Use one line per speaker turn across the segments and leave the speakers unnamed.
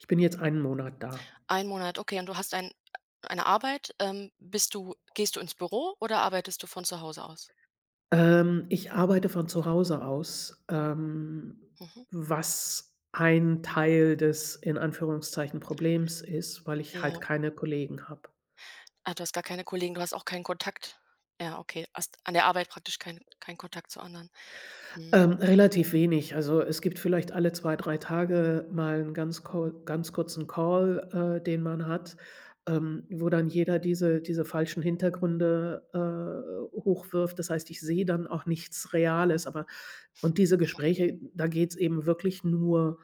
Ich bin jetzt 1 Monat da.
1 Monat, okay. Und du hast ein eine Arbeit. Ähm, bist du gehst du ins Büro oder arbeitest du von zu Hause aus?
Ähm, ich arbeite von zu Hause aus, ähm,
Mhm.
was ein Teil des, in Anführungszeichen, Problems ist, weil ich halt
Ja.
keine Kollegen habe.
Ah, du hast gar keine Kollegen, du hast auch keinen Kontakt? Ja, okay, hast an der Arbeit praktisch keinen keinen Kontakt zu anderen. Mhm.
Ähm, relativ wenig, also, es gibt vielleicht alle 2, 3 Tage mal 'n ganz Call ganz kurzen Call, äh, den man hat, ähm, wo dann jeder diese diese falschen Hintergründe, äh, hochwirft. Das heißt, ich sehe dann auch nichts Reales, aber und diese
Mhm.
Gespräche, da geht es eben wirklich nur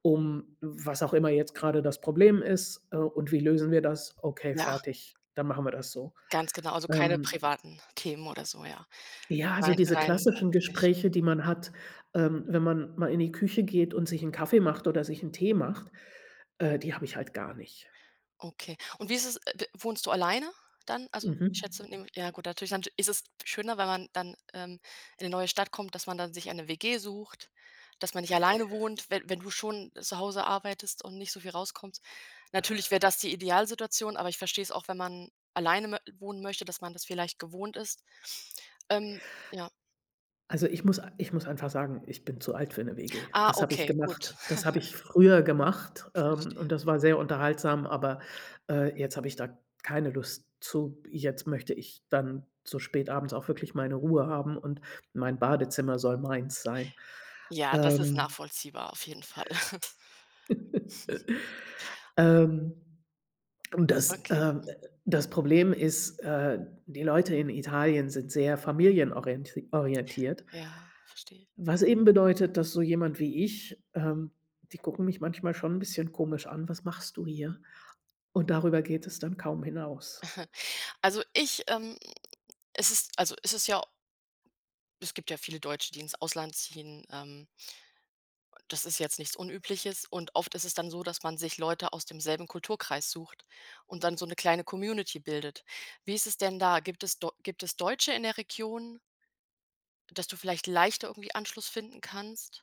um was auch immer jetzt gerade das Problem ist, äh, und wie lösen wir das, okay
Ja.
fertig, dann machen wir das so,
Ganz genau. Also, keine
ähm
privaten Themen oder so, ja,
Ja, also,
rein
diese
rein
klassischen
beruflich.
Gespräche, die man hat, ähm, wenn man mal in die Küche geht und sich 'n Kaffee macht oder sich 'n Tee macht, äh, die habe ich halt gar nicht.
Okay. Und wie ist es, äh, d wohnst du alleine dann? Also,
Mhm.
ich schätze in ja gut, natürlich dann sch ist es schöner, wenn man dann, ähm, in 'ne neue Stadt kommt, dass man dann sich eine WG sucht, dass man nicht alleine wohnt, wenn wenn du schon zu Hause arbeitest und nicht so viel rauskommst. Natürlich wär das die Idealsituation, aber ich verstehe es auch, wenn man alleine mö wohnen möchte, dass man das vielleicht gewohnt ist. Ähm, ja.
Also,
Mhm.
ich muss a ich muss einfach sagen, ich bin zu alt für 'ne WG.
Ah,
Das habe ich
okay,
gemacht
gut.
das habe ich früher gemacht, ähm, und
Verstehe.
das war sehr unterhaltsam, aber, äh, jetzt habe ich da keine Lust zu, jetzt möchte ich dann so spät abends auch wirklich meine Ruhe haben und mein Badezimmer soll meins sein,
Ja, das ist
ähm
nachvollziehbar auf jeden Fall.
ähm, und das,
Okay,
ähm,
mhm.
äh das Problem ist, äh, die Leute in Italien sind sehr familienorienti orientiert
Ja, verstehe.
was eben bedeutet, dass so jemand wie ich, ähm die gucken mich manchmal schon 'n bisschen komisch an: „Was machst du hier?“ Und darüber geht es dann kaum hinaus.
Also, ich, ähm es ist also, es ist ja Es gibt ja viele Deutsche, die ins Ausland ziehen, ähm das ist jetzt nichts Unübliches. Und oft ist es dann so, dass man sich Leute aus demselben Kulturkreis sucht und dann so 'ne kleine Community bildet. Wie ist es denn da? Gibt es do gibt es Deutsche in der Region? Dass du vielleicht leichter irgendwie Anschluss finden kannst?